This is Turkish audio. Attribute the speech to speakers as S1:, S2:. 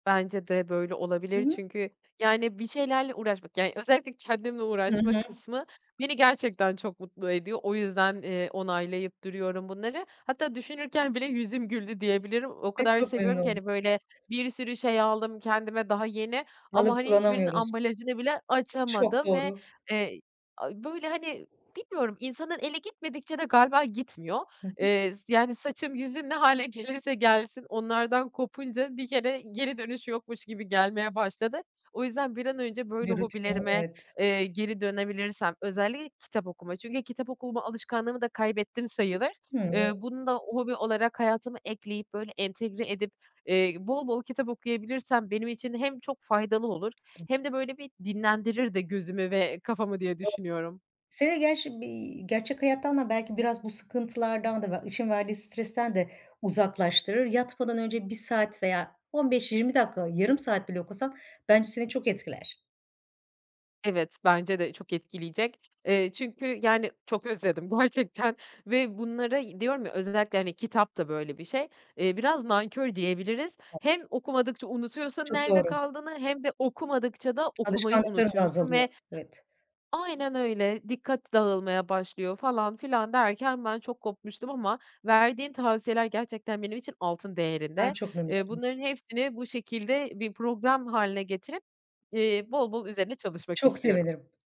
S1: Bence de böyle
S2: Hı
S1: olabilir.
S2: hı.
S1: Çünkü yani, bir şeylerle uğraşmak yani, özellikle kendimle
S2: Hı
S1: uğraşma
S2: hı.
S1: kısmı, beni gerçekten çok mutlu ediyor. O yüzden, eee, onaylayıp duruyorum bunları. Hatta düşünürken bile yüzüm güldü diyebilirim, o
S2: Ay,
S1: kadar
S2: çok memnun
S1: seviyorum ki hani,
S2: oldum.
S1: böyle bir sürü şey aldım kendime, daha yeni. Ama
S2: Alıp
S1: hani, hiçbirinin
S2: kullanamıyoruz.
S1: ambalajını bile
S2: Çok
S1: açamadım ve,
S2: doğru.
S1: eee, a, böyle hani, bilmiyorum insanın eli gitmedikçe de galiba gitmiyor.
S2: Hı hı.
S1: Eee, s yani saçım, yüzüm ne hâle gelirse gelsin, onlardan kopunca bir kere, geri dönüş yokmuş gibi gelmeye başladı. O yüzden bir an önce böyle
S2: Bir rutine,
S1: hobilerime,
S2: evet.
S1: eee, geri dönebilirsem, özelli kitap okuma. Çünkü kitap okuma alışkanlığımı da kaybettim sayılır.
S2: Hımm.
S1: Iıı, bunu da hobi olarak hayatıma ekleyip, böyle entegre edip, eee, bol bol kitap okuyabilirsem, benim için hem çok faydalı olur, hem de böyle bir dinlendirir de gözümü ve kafamı diye düşünüyorum.
S2: [unintelligible] Seni gerçi bir gerçek hayattan da belki biraz bu sıkıntılardan da ve işin verdiği stresten de uzaklaştırır. Yatmadan önce 1 saat veya 15-20 dakika, yarım saat bile okusan bence seni çok etkiler.
S1: Evet, bence de çok etkileyecek. Eee, çünkü yani, çok özledim [unintelligible] ve bunları y diyorum ya özellikle hani; kitap da böyle bir şey, eee, biraz nankör diyebiliriz. Hem okumadıkça unutuyorsun
S2: Çok
S1: nerede
S2: doğru.
S1: kaldığını, hem de okumadıkça da okumayı
S2: Alışkanlıkların da
S1: unutuyorsun
S2: azalıyor.
S1: ve
S2: Evet.
S1: Aynen öyle, dikkat dağılmaya başlıyor falan filan derken ben çok kopmuştum ama verdiğin tavsiyeler gerçekten benim için altın
S2: Ay,
S1: değerinde.
S2: çok memnun
S1: Eee,
S2: oldum.
S1: bunların hepsini bu şekilde bir program hâline getirip, eee, bol bol üzerine çalışmak
S2: Çok
S1: istiyorum.
S2: sevinirim.